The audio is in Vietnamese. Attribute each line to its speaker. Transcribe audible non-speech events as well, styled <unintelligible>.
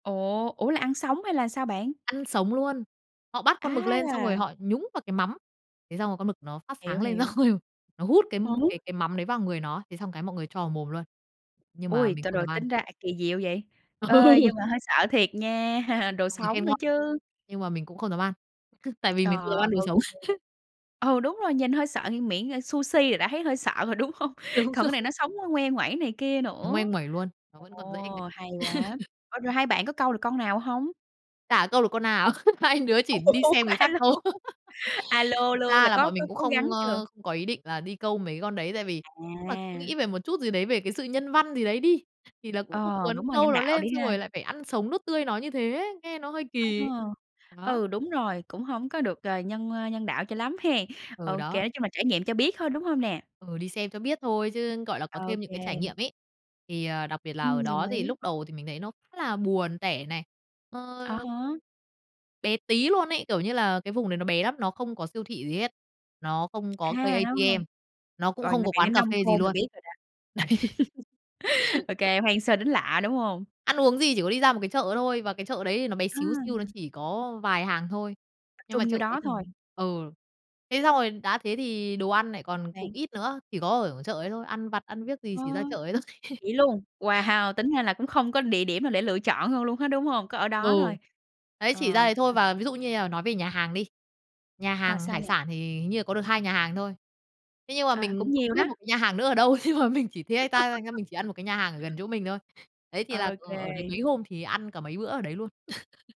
Speaker 1: Ồ, ủa là ăn sống hay là sao bạn?
Speaker 2: Ăn sống luôn, họ bắt con mực lên xong rồi
Speaker 1: À!
Speaker 2: họ nhúng vào cái mắm, thế xong rồi con mực nó phát
Speaker 1: Hiểu,
Speaker 2: sáng lên xong
Speaker 1: hiểu.
Speaker 2: rồi nó hút cái
Speaker 1: Hở?
Speaker 2: cái cái mắm đấy vào người nó, thế xong cái mọi người cho vào mồm luôn, nhưng mà
Speaker 1: Ui! T
Speaker 2: mình không
Speaker 1: rồi
Speaker 2: dám ăn.
Speaker 1: tính ra, à, kỳ diệu vậy. Ê,
Speaker 2: Ừ.
Speaker 1: nhưng mà hơi sợ thiệt nha, <laughs> đồ
Speaker 2: Mọi người khen
Speaker 1: sống nữa
Speaker 2: ngon,
Speaker 1: chứ.
Speaker 2: nhưng mà mình cũng không dám ăn <chuckles> tại vì mình không
Speaker 1: Ờ,
Speaker 2: dám ăn đồ
Speaker 1: ô
Speaker 2: sống.
Speaker 1: kê.
Speaker 2: <laughs>
Speaker 1: Ừ, đúng rồi, nhìn hơi sợ ng miệng ờ, sushi là đã thấy hơi sợ rồi, đúng hông?
Speaker 2: Đúng
Speaker 1: Còn
Speaker 2: rồi.
Speaker 1: cái này nó sống nó ngoe nguẩy này kia
Speaker 2: Nó ngoe
Speaker 1: nữa.
Speaker 2: nguẩy luôn, nó vẫn còn giãy đành đạch.
Speaker 1: Ồ, hay quá!
Speaker 2: <laughs>
Speaker 1: Ờ, rồi hai bạn có câu được con nào hông?
Speaker 2: Chả câu được con nào, <laughs> hai đứa chỉ đi
Speaker 1: Ủa,
Speaker 2: xem người
Speaker 1: a
Speaker 2: khác
Speaker 1: lô,
Speaker 2: câu. <laughs>
Speaker 1: a lô
Speaker 2: Thực
Speaker 1: luôn
Speaker 2: ra
Speaker 1: là
Speaker 2: là
Speaker 1: có
Speaker 2: bọn mình
Speaker 1: có
Speaker 2: cũng
Speaker 1: cố
Speaker 2: không,
Speaker 1: gắng chưa?
Speaker 2: ơ, không có ý định là đi câu mấy cái con đấy tại vì tức là cũng nghĩ
Speaker 1: À.
Speaker 2: về một chút gì đấy, về cái sự nhân văn gì đấy đi, thì là cũng không
Speaker 1: Ờ,
Speaker 2: muốn
Speaker 1: đúng rồi
Speaker 2: câu
Speaker 1: nhân
Speaker 2: ló
Speaker 1: đạo
Speaker 2: lên
Speaker 1: đi
Speaker 2: xong
Speaker 1: ha.
Speaker 2: rồi lại phải ăn sống nuốt tươi nó như thế, nghe nó hơi
Speaker 1: Ờ,
Speaker 2: kỳ. Đó.
Speaker 1: ừ, đúng rồi, cũng hổng có được, ờ, nhân, a, nhân đạo cho lắm hén.
Speaker 2: Ừ,
Speaker 1: Ô kê,
Speaker 2: đó.
Speaker 1: nói chung là, trải nghiệm cho biết thôi, đúng hông nè?
Speaker 2: Ừ, đi xem cho biết thôi chứ, gọi là, có
Speaker 1: Ô
Speaker 2: thêm những cái trải
Speaker 1: kê.
Speaker 2: nghiệm ấy thì, ờ, đặc biệt là ở
Speaker 1: Ừm, đồng
Speaker 2: đó thì
Speaker 1: ý.
Speaker 2: lúc đầu thì mình thấy nó khá là buồn tẻ này, ơ
Speaker 1: À há.
Speaker 2: Bé tí luôn ấy, kiểu như là, cái vùng đấy nó bé lắm, nó không có siêu thị gì hết, nó không có cây
Speaker 1: À, nấu
Speaker 2: ATM
Speaker 1: hông,
Speaker 2: nó cũng
Speaker 1: rồi
Speaker 2: không có
Speaker 1: vậy nó
Speaker 2: quán cà
Speaker 1: nông
Speaker 2: phê gì
Speaker 1: thôn là
Speaker 2: luôn.
Speaker 1: biết rồi đó.
Speaker 2: Đấy.
Speaker 1: <laughs> Ô kê, hoang sơ đến lạ, đúng hông?
Speaker 2: Ăn uống gì chỉ có đi ra một cái chợ thôi, và cái chợ đấy nó bé
Speaker 1: Ờ.
Speaker 2: xíu xiu, nó chỉ có vài hàng thôi.
Speaker 1: Tập
Speaker 2: Nhưng
Speaker 1: trung
Speaker 2: mà chợ
Speaker 1: nhiêu
Speaker 2: ấy
Speaker 1: đó
Speaker 2: thì
Speaker 1: thôi.
Speaker 2: ừ, thế xong rồi đã thế thì đồ ăn nại còn cũng
Speaker 1: Bạn
Speaker 2: ít nữa, chỉ có ở chợ ấy thôi, ăn vặt, ăn viếc gì
Speaker 1: Ơ,
Speaker 2: chỉ ra chợ ấy thôi. <laughs>
Speaker 1: vậy luôn? Wow! Tính ra là cũng không có địa điểm nào để lựa chọn hơn luôn hết, đúng hông? Có ở
Speaker 2: Ừ.
Speaker 1: đó thôi.
Speaker 2: Đấy chỉ ra
Speaker 1: Ờ
Speaker 2: đấy thôi và ví dụ như nhà nói về nhà hàng đi, nhà
Speaker 1: Ờ,
Speaker 2: hàng
Speaker 1: sao
Speaker 2: hải
Speaker 1: nè?
Speaker 2: sản thì hình như là có được 2 nhà hàng thôi, thế nhưng mà
Speaker 1: À,
Speaker 2: mình
Speaker 1: cũng
Speaker 2: không
Speaker 1: nhiều
Speaker 2: biết
Speaker 1: đó.
Speaker 2: một cái nhà hàng nữa ở đâu, nhưng mà mình chỉ thấy <unintelligible> ta thành ra mình chỉ ăn một cái nhà hàng ở gần
Speaker 1: <laughs>
Speaker 2: chỗ mình thôi. Ấy thì
Speaker 1: Ô
Speaker 2: là, ờ, ở đấy
Speaker 1: kê.
Speaker 2: mấy hôm thì ăn cả mấy bữa ở đấy luôn. <laughs>